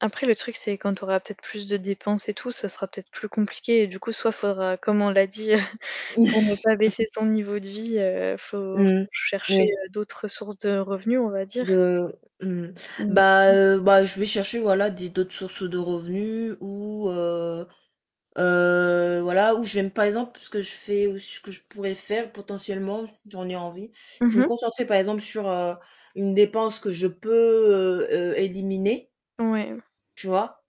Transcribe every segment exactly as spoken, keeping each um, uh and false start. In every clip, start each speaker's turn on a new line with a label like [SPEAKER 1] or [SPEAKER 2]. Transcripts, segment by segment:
[SPEAKER 1] Après le truc, c'est quand tu auras peut-être plus de dépenses et tout, ça sera peut-être plus compliqué. Et du coup, soit faudra, comme on l'a dit, pour ne pas baisser ton niveau de vie, heu, faut faut
[SPEAKER 2] Mmh mh.
[SPEAKER 1] rechercher,
[SPEAKER 2] Ouais.
[SPEAKER 1] heu, d'autres sources de revenus, on va dire.
[SPEAKER 2] De mmh,
[SPEAKER 1] Mais
[SPEAKER 2] bah,
[SPEAKER 1] oui.
[SPEAKER 2] heu, bah, je vais chercher voilà des d'autres sources de revenus ou, heu heu, voilà, ou je vais me par exemple ce que je fais ou ce que je pourrais faire potentiellement j'en ai envie,
[SPEAKER 1] Mmh
[SPEAKER 2] c'est me
[SPEAKER 1] mh.
[SPEAKER 2] concentrer par exemple sur, heu, une dépense que je peux, heu heu, éliminer
[SPEAKER 1] Ouais, heu
[SPEAKER 2] tu vois?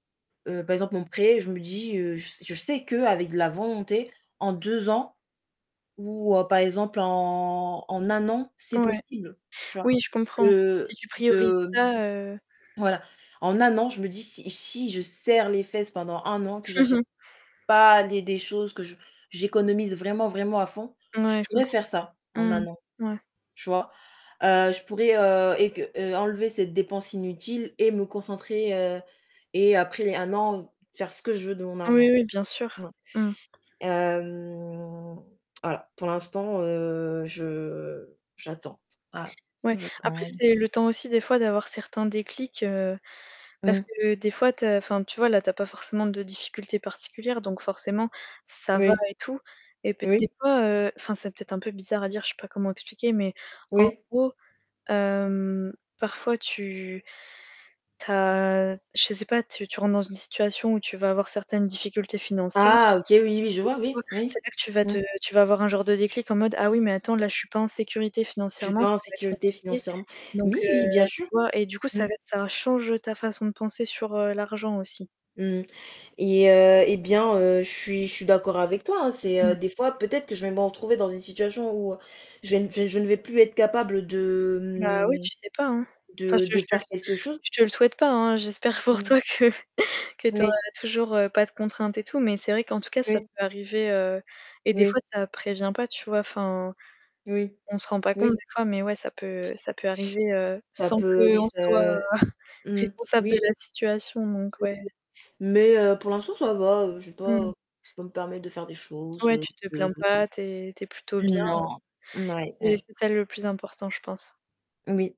[SPEAKER 2] Heu, par exemple mon prêt, je me dis, heu, je s je sais qu'avec de la volonté, en deux ans ou, heu, par exemple en en un an, c'est
[SPEAKER 1] Ouais,
[SPEAKER 2] possible, tu
[SPEAKER 1] oui,
[SPEAKER 2] vois?
[SPEAKER 1] je comprends. Si
[SPEAKER 2] Que
[SPEAKER 1] tu priorises
[SPEAKER 2] de
[SPEAKER 1] ça, heu
[SPEAKER 2] voilà, en un an, je me dis si si je serre les fesses pendant un an, que j'achète pas les des choses, que je j'économise vraiment, vraiment à fond,
[SPEAKER 1] N
[SPEAKER 2] je
[SPEAKER 1] ouais, je
[SPEAKER 2] pourrais
[SPEAKER 1] comprends.
[SPEAKER 2] faire ça en
[SPEAKER 1] Mmh
[SPEAKER 2] un an,
[SPEAKER 1] mh, ouais.
[SPEAKER 2] Tu vois? Heu, je pourrais, heu, ec heu, enlever cette dépense inutile et me concentrer, heu et après les un an, faire ce que je veux de mon
[SPEAKER 1] Oui,
[SPEAKER 2] argent.
[SPEAKER 1] oui, bien sûr.
[SPEAKER 2] Voilà.
[SPEAKER 1] Mmh.
[SPEAKER 2] Hem, alors pour l'instant, heu, je, heu, j'attends. Ah,
[SPEAKER 1] Ouais. Après
[SPEAKER 2] j'attends
[SPEAKER 1] c'est le temps aussi des fois d'avoir certains déclics, heu, parce
[SPEAKER 2] Mmh.
[SPEAKER 1] que des fois tu as enfin tu vois là tu as pas forcément de difficultés particulières, donc forcément ça va
[SPEAKER 2] Oui.
[SPEAKER 1] et tout. Et peut des
[SPEAKER 2] Oui.
[SPEAKER 1] fois, heu enfin, c'est peut-être un peu bizarre à dire, je sais pas comment expliquer, mais en
[SPEAKER 2] Oui.
[SPEAKER 1] gros, hem, parfois tu tu as je sais pas, tu tu rentres dans une situation où tu vas avoir certaines difficultés financiers
[SPEAKER 2] Ah! OK oui, oui, je
[SPEAKER 1] et
[SPEAKER 2] vois
[SPEAKER 1] tu
[SPEAKER 2] oui,
[SPEAKER 1] vois,
[SPEAKER 2] oui.
[SPEAKER 1] c'est-à-dire que tu vas te
[SPEAKER 2] Mmh.
[SPEAKER 1] tu vas avoir un genre de déclic en mode: «Ah oui, mais attends là je suis pas en sécurité
[SPEAKER 2] Tu es
[SPEAKER 1] financièrement,
[SPEAKER 2] pas en
[SPEAKER 1] ça va être
[SPEAKER 2] sécurité
[SPEAKER 1] compliqué».
[SPEAKER 2] financièrement.
[SPEAKER 1] Donc
[SPEAKER 2] Mais oui, bien
[SPEAKER 1] heu, tu
[SPEAKER 2] sûr.
[SPEAKER 1] vois? Et du coup,
[SPEAKER 2] Mmh.
[SPEAKER 1] ça lai ça change ta façon de penser sur, heu, l'argent aussi.
[SPEAKER 2] Mmh mh et heu et bien, heu, je suis je suis d'accord avec toi, hein, c'est, heu,
[SPEAKER 1] Mmh.
[SPEAKER 2] des fois peut-être que je vais me retrouver dans une situation où je vais me je ne vais plus être capable de,
[SPEAKER 1] Bah oui,
[SPEAKER 2] mmh,
[SPEAKER 1] tu sais pas, hein. Enfin,
[SPEAKER 2] de
[SPEAKER 1] je
[SPEAKER 2] de
[SPEAKER 1] je te le
[SPEAKER 2] faire quelque chose.
[SPEAKER 1] je te le souhaite pas hein. J'espère
[SPEAKER 2] Mmh
[SPEAKER 1] pour
[SPEAKER 2] mh
[SPEAKER 1] toi que que tu auras
[SPEAKER 2] Oui.
[SPEAKER 1] toujours, heu, pas de contraintes et tout, mais c'est vrai qu'en tout cas, ça
[SPEAKER 2] Oui.
[SPEAKER 1] peut arriver, heu et des fois,
[SPEAKER 2] Oui.
[SPEAKER 1] ça prévient pas, tu vois? Enfin,
[SPEAKER 2] Oui.
[SPEAKER 1] on se rend pas compte
[SPEAKER 2] Oui.
[SPEAKER 1] des fois mais ouais, ça peut ça peut arriver, heu,
[SPEAKER 2] Ça
[SPEAKER 1] sans
[SPEAKER 2] peut, oui,
[SPEAKER 1] qu'on
[SPEAKER 2] c'est
[SPEAKER 1] soit
[SPEAKER 2] mmh,
[SPEAKER 1] responsable de
[SPEAKER 2] oui.
[SPEAKER 1] la situation, donc
[SPEAKER 2] [unintelligible]
[SPEAKER 1] ouais.
[SPEAKER 2] Mais, heu, pour l'instant ça va, heu, j'ai
[SPEAKER 1] Mmh
[SPEAKER 2] pas, heu
[SPEAKER 1] mh.
[SPEAKER 2] je peux me permettre de faire des choses,
[SPEAKER 1] Ouais,
[SPEAKER 2] heu
[SPEAKER 1] tu te
[SPEAKER 2] heu
[SPEAKER 1] plains pas, tu es tu es plutôt bien
[SPEAKER 2] Non. Mouais,
[SPEAKER 1] et c'est
[SPEAKER 2] ouais.
[SPEAKER 1] c'est ça le plus important, je pense.
[SPEAKER 2] Oui.